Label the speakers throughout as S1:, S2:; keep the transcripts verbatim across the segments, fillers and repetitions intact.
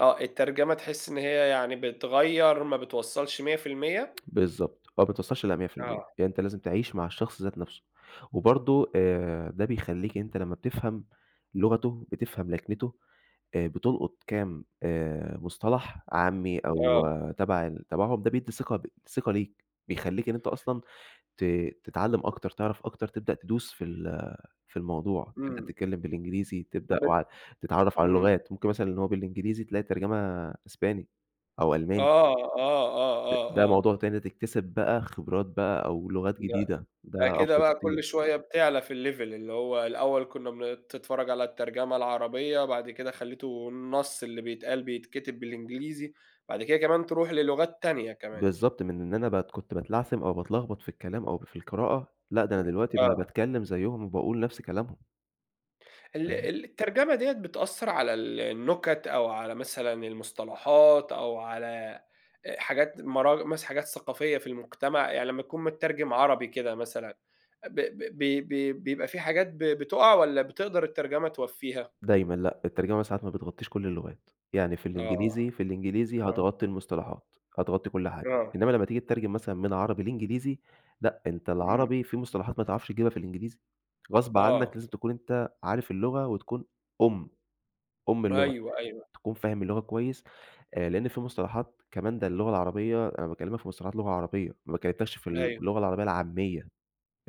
S1: آه، الترجمة تحس إن هي يعني بتغيّر، ما بتوصّلش مِيّة في المِيّة؟
S2: بالضبط آه، ما بتوصلش لمِيّة في المِيّة،
S1: آه.
S2: يعني أنت لازم تعيش مع الشخص ذات نفسُه، وبرضه آآ، ده بيخلّيك أنت لمّا بتفهم لغتُه، بتفهم لكنتُه آآ، بتلقُط كام آآ، مُصطلح عامّي أو
S1: آه.
S2: تَبَع ال تبعهم، ده بيدّي ثقة ب ثقة ليك، بيخلّيك إن أنت أصلًا ت تتعلم أكتر، تعرف أكتر، تبدأ تدوس في ال في الموضوع، تبدأ
S1: إمم.
S2: تتكلم بالإنجليزي، تبدأ
S1: بت
S2: وع تتعرف على
S1: إمم.
S2: اللُغات، ممكن مثلًا إن هو بالإنجليزي تلاقي ترجمة أسباني أو ألماني.
S1: آه، آه، آه،
S2: د
S1: آه،
S2: ده
S1: آه.
S2: موضوع تاني تكتسب بقى خبرات بقى أو لغات
S1: لأ،
S2: جديدة،
S1: لأ
S2: ده
S1: كده
S2: أفضل
S1: بقى
S2: بكتير.
S1: كل شوية بتعلى في الLeve اللي هو الأول كنّا بن بتتفرَّج على الترجمة العربية، بعد كده خلّيته النَصّ اللي بيتقال، بيتكتب بالإنجليزي، بعد كده كمان ترُوح للُغات تانية كمان.
S2: بالضبط، من إن أنا بات كنت باتلعثم أو باتلخبط في الكلام أو في القراءة، لأ ده أنا دلوقتي ب
S1: آه.
S2: باتكلم زيُّهم وباقول نفْس كلامهم.
S1: ال
S2: أيوه.
S1: الترجمة ديّة بتأثّر على ال النُكَت أو على مثلًا المصطلحات أو على آآ، حاجات مراج مثلًا حاجات ثقافية في المجتمع، يعني لمّا تكون متّرجم عربي كده مثلًا، ب ب بي بي بيبقى فيه حاجات ب بتُقَع والَّا بتقدر الترجمة توفّيها؟
S2: دايمًا لأ، الترجمة ساعات ما بتغطّيش كُلّ اللغات، يعني في
S1: آه،
S2: الإنجليزي في الإنجليزي
S1: آه.
S2: هتغطّي المصطلحات، هتغطّي كل حاجة،
S1: آه.
S2: إنّما لمّا تيجي تترجم مثلًا من عربي لإنجليزي، لأ، أنت
S1: إمم.
S2: العربي فيه مصطلحات ما تعرفش تجيبها في الإنجليزي، غصب عنَّك
S1: آه.
S2: لازم تكون أنت عارف اللغة وتكون أُم، أُم اللغة
S1: أيوه، أيوه.
S2: تكون فاهم اللغة كويس آآ، لأن فيه مصطلحات كمان ده اللغة العربية أنا باكلمك في مصطلحات لغة عربية، ما كلّمتَكش في ال
S1: أيوه.
S2: اللغة العربية العاميّة،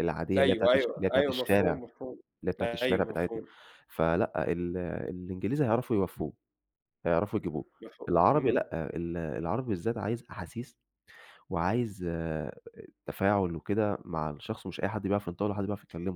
S2: العادية اللي هي بتاعة
S1: أيوه،
S2: الش
S1: أيوه،
S2: اللي هي بتاعة
S1: أيوه
S2: الشارع
S1: مفهوم، مفهوم.
S2: اللي هي بتاعة الشارع
S1: أيوه
S2: بتاعتنا،
S1: مفهوم.
S2: فلأ، ال الإنجليزي هيعرفوا يوفّوه، هيعرفوا يجيبوه،
S1: مفهوم،
S2: العربي
S1: همم.
S2: لأ، ال العربي بالذات عايز أحاسيس وعايز آآ، تفاعُل وكده، مع الشخص ومش أي حد بيعرف ينطقُه ولا حد بيعرف يتكلّمُه.